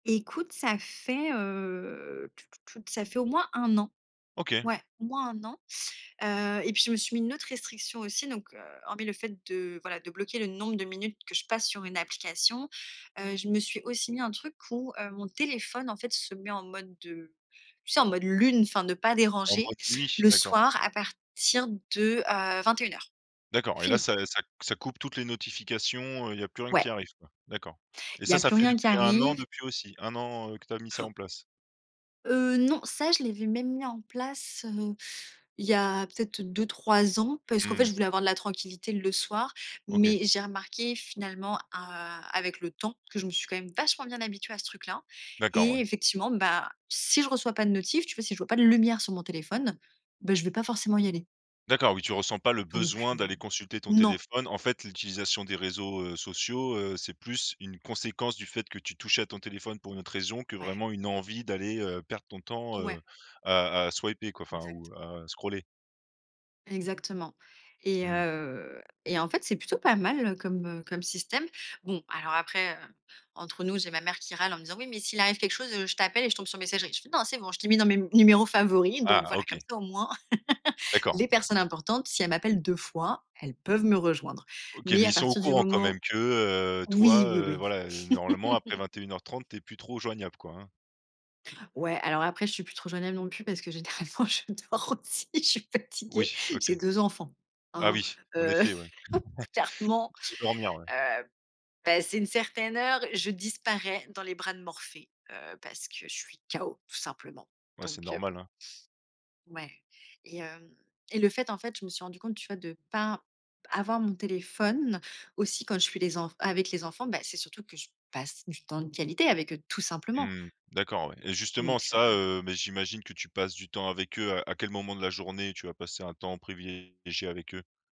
Écoute, ça fait, heu, tou tou tou t ça fait au moins 1 an. OK. Ouais, au moins 1 an, heu et puis, je me suis mis une autre restriction aussi donc, heu, hormis le fait de, voilà, de bloquer le nombre de minutes que je passe sur une application, heu, je me suis aussi mis un truc où, heu, mon téléphone, en fait, se met en mode de tu sais, en mode lune, enfin, ne pas En déranger, mode nuit? le D'accord. soir à partir de, heu, 21:00. D'accord, et là, Fini. ça, heu, ça c ça coupe toutes les notifications, heu, il y a plus rien qui Ouais. arrive, quoi? D'accord et Il y ça, a ça plus fait rien qui depuis 1 an arrive. depuis aussi 1 an, heu, que tu as mis ça en place? Heu, non, ça, je l'avais même mis en place, heu, il y a peut-être 2-3 ans parce qu'en fait, Mmh. je voulais avoir de la tranquillité le soir. Mais OK. j'ai remarqué finalement, a heu, avec le temps, que je me suis quand même vachement bien habituée à ce truc là D'accord, et ouais. effectivement, bah, si je reçois pas de notifs, tu vois, si je vois pas de lumière sur mon téléphone, beh, je vais pas forcément y aller. D'accord, oui, tu ressens pas le Donc, besoin heu, d'aller consulter ton non. téléphone. En fait, l'utilisation des réseaux, heu, sociaux, heu, c'est plus une conséquence, du fait que tu touchais à ton téléphone pour une autre raison, que Ouais. vraiment une envie d'aller, heu, perdre ton temps, heu, Ouais. à à swiper, quoi, enfin Exact. ou à scroller. Exactement et Mmh. heu, et en fait, c'est plutôt pas mal, heu, comme, heu, comme système. Bon, alors après, heu, entre nous, j'ai ma mère qui râle en me disant: «Oui, mais s'il arrive quelque chose, heu, je t'appelle et je tombe sur messagerie». Je fais: «Non, c'est bon, je t'ai mis dans mes m numéros favoris». Donc Ah! voilà, comme OK. ça, au moins, D'accord, les oui. personnes importantes, si elles m'appellent 2 fois, elles peuvent me rejoindre. OK, Mais, mais à ils sont au partir du courant quand moment même que, heu, toi, oui, oui, heu, oui. voilà, heu, normalement, après 21:30, tu es plus trop joignable, quoi, hein? Ouais, alors après, je suis plus trop joignable non plus parce que généralement, je dors aussi, je suis fatiguée! Oui, OK. J'ai 2 enfants, Ah hein? oui! En Heu, effet, ouais. clairement, Tu veux dormir, ouais. heu, passée une certaine heure, je disparais dans les bras de Morphée, heu, parce que je suis KO, tout simplement. Ouais, c'est Donc, heu, bon. normal, hein. Ouais et hem et le fait, en fait, je me suis rendue compte, tu vois, de pas b avoir mon téléphone aussi quand je suis les enf avec les enfants, bah, c'est surtout que je passe du temps de qualité avec eux, tout simplement. Mmh. D'accord, ouais et justement, Donc, ça, heu heu, mais j'imagine que tu passes du temps avec eux. À à quel moment de la journée, tu vas passer un temps privilégié avec eux?